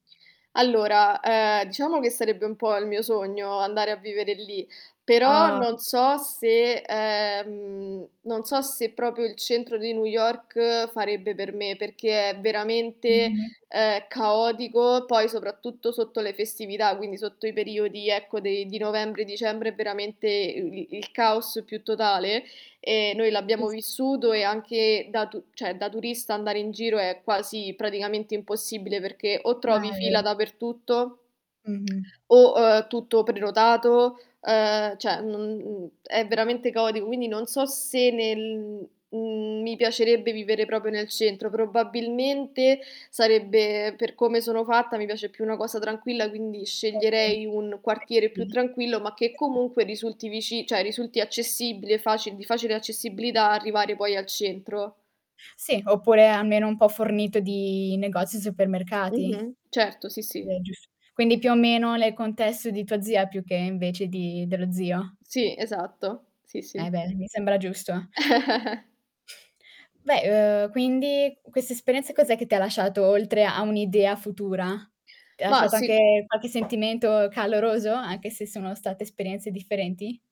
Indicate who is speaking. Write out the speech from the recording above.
Speaker 1: Allora, ehm, diciamo che sarebbe un po' il mio sogno andare a vivere lì, però
Speaker 2: Ah.
Speaker 1: non so se ehm, non se proprio il centro di New York farebbe per me, perché è veramente,
Speaker 2: Mh-mh.
Speaker 1: ehm, caotico, poi soprattutto sotto le festività, quindi sotto i periodi, ecco, de di novembre, dicembre è veramente i i il caos più totale. E noi l'abbiamo
Speaker 2: [unintelligible]
Speaker 1: vissuto e anche da tu cioè, da turista andare in giro è quasi praticamente impossibile, perché o
Speaker 2: Ah,
Speaker 1: trovi
Speaker 2: è vero.
Speaker 1: fila dappertutto
Speaker 2: Mh-mh.
Speaker 1: o, uhm, tutto prenotato, ehm, cioè non n è veramente caotico, quindi non so se nel mhmm, mi piacerebbe vivere proprio nel centro. Probabilmente sarebbe per come sono fatta, mi piace più una cosa tranquilla, quindi
Speaker 2: Eh, okay,
Speaker 1: sceglierei un quartiere più tranquillo, ma che
Speaker 2: [unintelligible]
Speaker 1: comunque risulti vici cioè, risulti accessibile faci di facile accessibilità arrivare poi al centro.
Speaker 2: Sì, oppure almeno un po' fornito di negozi e supermercati.
Speaker 1: Mh-mh. Certo, sì, sì.
Speaker 2: Beh, è giusto, quindi più o meno nel contesto di tua zia più che invece di dello zio?
Speaker 1: Sì, esatto. Sì,
Speaker 2: E
Speaker 1: sì.
Speaker 2: beh, mi sembra giusto. Beh, uhm, quindi quest'esperienza cos'è che ti ha lasciato, oltre a un'idea futura? Ti ha
Speaker 1: Ma,
Speaker 2: lasciato
Speaker 1: si
Speaker 2: anche qualche sentimento caloroso, anche se sono state esperienze differenti?